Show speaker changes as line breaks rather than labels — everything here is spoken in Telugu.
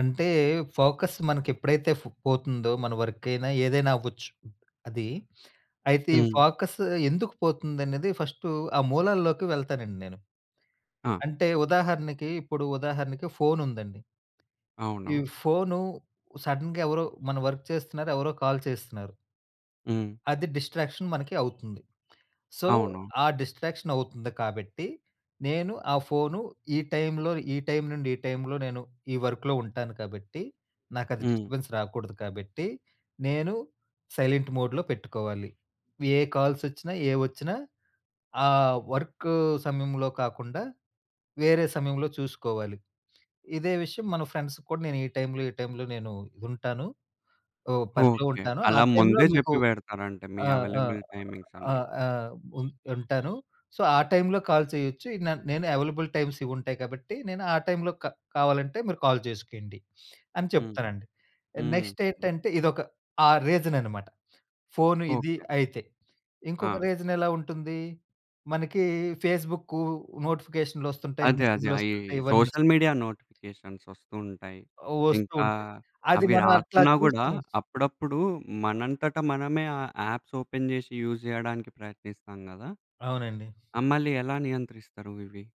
అంటే ఫోకస్ మనకెప్పుడైతే ఫ్ పోతుందో, మన వర్క్ అయినా ఏదైనా అవ్వచ్చు. అది అయితే ఈ
హ్మ్.
ఫోకస్ ఎందుకు పోతుందనేది ఫస్ట్ ఆ మూలాల్లోకి వెళ్తానండి నేను.
ఆ!
అంటే ఉదాహరణకి, ఇప్పుడు ఉదాహరణకి ఫోను ఉందండి. ఈ
అవును.
ఫోను సడెన్‌గా ఎవరో మన వర్క్ చేస్తున్నారు. ఎవరో కాల్ చేస్తున్నారు.
హ్మ్.
అది డిస్ట్రాక్షన్ మనకి అవుతుంది. సో,
అవును.
ఆ డిస్ట్రాక్షన్ అవుతుంది కాబట్టి నేను ఆ ఫోను ఈ టైంలో ఈ టైం నుండి ఈ టైంలో నేను ఈ వర్క్‌లో ఉంటాను కాబట్టి, నాకది
హ్మ్.
డిస్టర్బెన్స్ రాకూడదు కాబట్టి, నేను సైలెంట్ మోడ్‌లో పెట్టుకోవాలి. ఏ కాల్స్ ఒచ్చినా, ఏవొచ్చినా ఆ వర్క్ సమయంలో కాకుండా వేరే సమయంలో చూసుకోవాలి. ఇదే విషయం మన ఫ్రెండ్స్‌కి కూడా, నేను ఈ టైంలో, ఈ టైంలో నేను ఉంటాను. ఆహ్, పనిలో
ఓకే.
ఉంటాను. ఆ
అలా
టైంలో
ముందే
మీకు
జెప్పి, పెడతారంటే మీ
ఆ! ఆ!
అవైలబుల్ టైమింగ్స్
ఆ!
అన్ని.
ఆ! ఉం ఉంటాను. సో, ఆ టైంలో కాల్ చేయొచ్చు. న నేను అవైలబుల్ టైమ్స్ ఇవుంటాయి. కాబట్టి నేను ఆ టైంలో క కావాలంటే మీరు కాల్ జేసుకోండి, అని
హ్మ్.
చెప్తానండి.
హ్మ్.
నెక్స్ట్ ఏంటంటే ఇదొక ఆ రీజన్ అన్నమాట. ఫోను ఇది
ఓకే.
అయితే. ఇంకొక
ఆ!
రీజన్ ఎలా ఉంటుంది? మనకీ ఫేస్‌బుక్కు, నోటిఫికేషనులోస్తుంటాయి,
అదే. అదే. అయి
మెసేజులోస్తుంటాయి ఇవన్నీ ఒస్తాయి.
సోషల్ మీడియా నోటిఫికేషన్స్ ఒస్తూ ఉంటాయి.
ఆహ్, ఒస్తూ
ఇంకా
ఉంటాయి. అది
అవి
మనం అట్లా
రాకున్నా కూడా
చూస్తాం.
అప్పుడప్పుడు మనంతట మనమే ఆ యాప్స్ ఓపెన్ జేషి, యూజ్ జేయడానికి ప్రయత్నిస్తాం గదా!
అవునండి.
ఆహ్, మల్లి ఎలా నియంత్రిస్తారు ఇవి?